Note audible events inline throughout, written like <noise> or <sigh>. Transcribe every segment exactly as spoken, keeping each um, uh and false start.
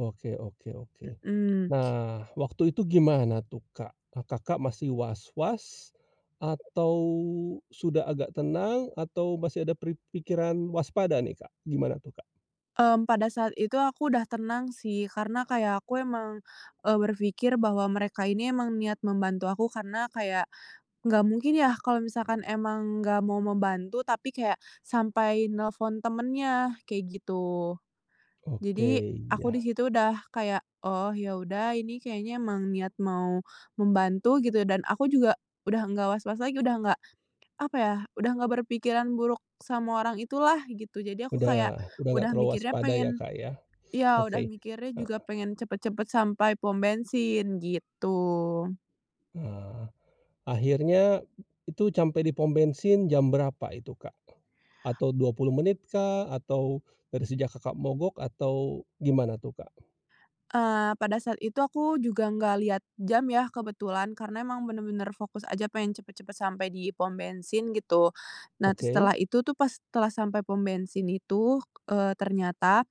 Oke oke oke. Mhm. Nah waktu itu gimana tuh Kak? Kakak masih was-was, atau sudah agak tenang atau masih ada pri pikiran waspada nih Kak? Gimana tuh Kak? Mmm, pada saat itu aku udah tenang sih, karena kayak aku emang, e berpikir bahwa mereka ini emang niat membantu aku, karena kayak, nggak mungkin ya kalau misalkan emang nggak mau membantu tapi kayak, sampai nelpon temannya, kayak gitu. Oke, Jadi, aku iya. di situ udah kayak, "Oh, ya udah ini kayaknya emang niat mau membantu" gitu, dan aku juga udah nggak was-was lagi, udah nggak apa ya udah nggak berpikiran buruk sama orang itulah gitu. Jadi aku kayak, Udah udah nggak udah terlalu mikirnya waspada ya pengen, Kak ya? <snorts> ya udah Oke, mikirnya juga heeh. pengen cepet-cepet sampai pom bensin, gitu. Ah, akhirnya itu campai di pom bensin jam berapa itu Kak? Atau dua puluh menit kah, atau <snorts> dari sejak Kakak mogok atau gimana tuh Kak? Eee, pada saat itu aku juga nggak lihat jam ya kebetulan, karena emang benar-benar fokus aja pengen cepet-cepet sampai di pom bensin gitu. Nah Oke. setelah itu tuh pas telah sampai pom bensin itu, eee, ternyata,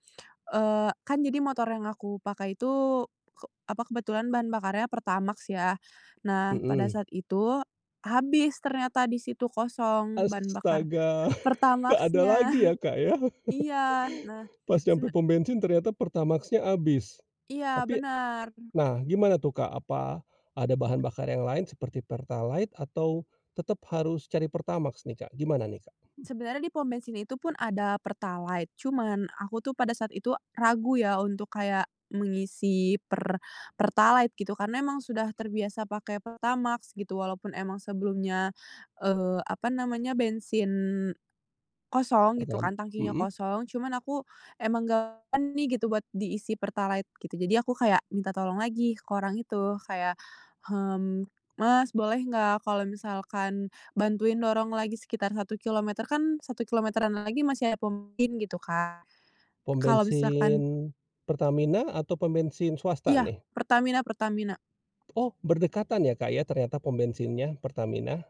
eee, kan jadi motor yang aku pakai itu ke apa, kebetulan bahan bakarnya Pertamax ya. Nah pada Mhm. saat itu habis ternyata di situ kosong bahan bakar Astaga! nggak ada Pertamax-nya. lagi ya Kak ya? <chuckles> Iya, nah <laughs> Pas nyampe sebe pom bensin ternyata Pertamax-nya habis. Iya Tapi bener. nah gimana tuh Kak apa, ada bahan bakar yang lain seperti Pertalite atau tetep harus cari Pertamax nih Kak, gimana nih Kak? Sebenarnya di pom bensin itu pun ada Pertalite, cuman aku tuh pada saat itu, ragu ya, untuk kayak mengisi Per Pertalite gitu karena emang sudah terbiasa pakai Pertamax gitu, walaupun emang sebelumnya, eee, apa namanya, bensin kosong gitu Pertam kan, tangkinya mhm. kosong cuman aku emang nggak en nih gitu, buat diisi Pertalite gitu. Jadi aku kayak, minta tolong lagi ke orang itu kayak "hmm, Mas boleh nggak kalau misalkan bantuin dorong lagi sekitar satu kilometer" kan satu kilometeran lagi masih ada pom bensin gitu Kak, Pom kalau misalkan bensin Pertamina atau pom bensin swasta Iya nih? Pertamina Pertamina. Oh, berdekatan ya Kak ya ternyata pom bensinnya, Pertamina?